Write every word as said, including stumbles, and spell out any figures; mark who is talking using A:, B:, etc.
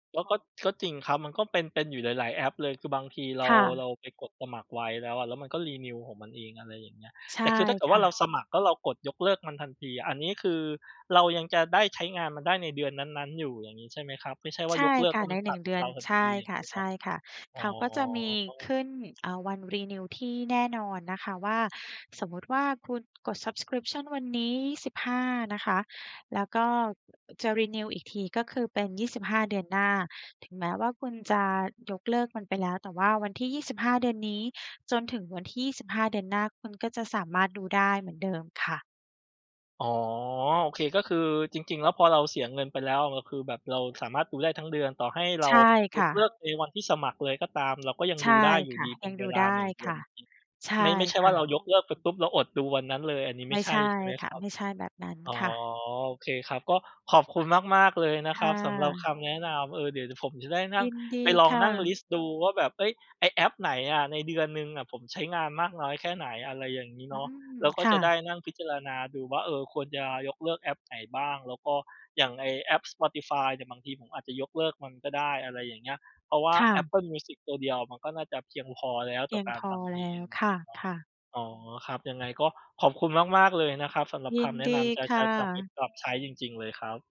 A: ก็ ก็ ก็จริงครับ มันก็เป็น เป็นอยู่หลาย ๆ แอปเลย คือบางทีเร
B: ค
A: า
B: ่
A: เ
B: ะ
A: ราไปกดสมัครไว้แล้วอะ แล้วมันก็ renew ของมันเอง อะไรอย่างเงี้ย
B: ใช
A: แต
B: ่
A: ่คือถ้าเกิด
B: ค
A: ว่
B: ่
A: า เรา
B: ะ
A: สมัครแล้วเรากดยกเลิกมันทันที อันนี้คือเรายังจะได้ใช้งานมันได้ในเดือนนั้น ๆ อยู่อย่างนี้ ใช่ไหมครับ ไม่ใช่ว่
B: ใ
A: า
B: ช่
A: ยกเลิ
B: ค
A: กแ
B: ่
A: ล
B: ะ
A: ้ว
B: ใ
A: ม
B: น
A: ัน
B: ห
A: ต
B: นึ่
A: ั
B: ง
A: ด
B: เดือ
A: เร
B: น
A: าทัน
B: ใช่
A: ที อย่
B: ค
A: างงี้เน
B: ่ะ
A: าะ
B: ๆ เ
A: อ
B: ข
A: ๋
B: าก็จะมีข
A: อ
B: ึ้น อ่า วัน renew ที่แน่นอนนะคะว่า สมมุติว่า คุณกด subscription วันนี้ ยี่สิบห้า นะคะ แล้วก็ อ จะ renew อีกที ก็คือเป็น ยี่สิบห้า เดือนหน้า ถึงแม้ว่าคุณจะยกเลิกมันไปแล้ว แต่ว่าวันที่ ยี่สิบห้า เดือนนี้ จนถึงวันที่ ยี่สิบห้า เดือนหน้า คุณก็จะสามารถดูได้เหมือนเดิมค่ะ
A: อ๋อ โอเค ก็คือจริง ๆ แล้วพอเราเสียเงินไปแล้ว เราคือแบบเราสามารถดูได้ทั้งเดือน ต่อให้เร
B: ใช
A: า
B: ่
A: ย
B: ค่
A: ก
B: ะ
A: เลิกในวันที่สมัครเลยก็ตาม เราก็ยัง
B: ใช
A: ด
B: ่
A: ูได้อยู
B: ค
A: ่
B: ่ะ
A: ดีเป
B: ย
A: ็
B: ั
A: น
B: ง
A: เ
B: ด
A: ว
B: ู
A: ล
B: ได
A: า
B: ้
A: หนึ่ง เด
B: ค
A: ือ
B: ่
A: น
B: ะ ใช่
A: ไม่ ไม่ใช่
B: ค
A: ว่
B: ่
A: าเรา
B: ะ
A: ยกเลิกไปปุ๊บ เราอดดูวันนั้นเลย อันนี้ไ
B: ไ
A: ม
B: ม
A: ่
B: ่
A: ใช
B: ใช
A: ่
B: ่
A: ใช่ไหม
B: ค
A: ค
B: ่ะ
A: รั
B: ไ
A: บ?
B: ม่ใช่แบบนั้น
A: อ๋อ
B: ค่ะ
A: โอเคครับ ก็ขอบคุณมาก ๆ เลยนะ
B: ค
A: ค
B: ่
A: รับ สำหรับ
B: ะ
A: คำแนะนำ เออ เดี๋ยว เดี๋ยวผมจะได้นั่
B: ย
A: ง
B: ินดี
A: ไปลอง
B: ค่
A: นั่งล
B: ะ
A: ิสต์ดูว่าแบบ เฮ้ย ไอ้แอปไหนอะ ในเดือนหนึ่งอะผมใช้งานมากน้อยแค่ไหน อะไรอย่างงี้
B: อ
A: เ
B: ื
A: นาะ
B: ม
A: แล้วก็
B: ค่
A: จะได
B: ะ
A: ้นั่งพิจารณาดูว่า เออ ควรจะยกเลิกแอปไหนบ้าง แล้วก็ อย่างไอ้แอป spotify เนี่ย บางทีผมอาจจะยกเลิกมันก็ได้ อะไรอย่างเงี้ย เพราะว่า
B: ค่ะ
A: Apple Music ตัวเดียวมันก็น่าจะเพียงพอแล้ว
B: เพ
A: ต่
B: ี
A: อ
B: ยง
A: การ
B: พ
A: ฟ
B: อ
A: ังเพ
B: แล
A: ล
B: ้
A: ง
B: วค่ะ ค่ะ
A: เนาะ อ๋อ ครับ ยังไงก็ขอบคุณมาก ๆ เลยนะครับ สำหรับ
B: ย
A: ค
B: ิน
A: ำแน
B: ด
A: ะ
B: ี
A: นำจะ
B: ค
A: จ
B: ่
A: ะจำไป
B: ะ
A: ปรับใช้จริง ๆ เลยครับ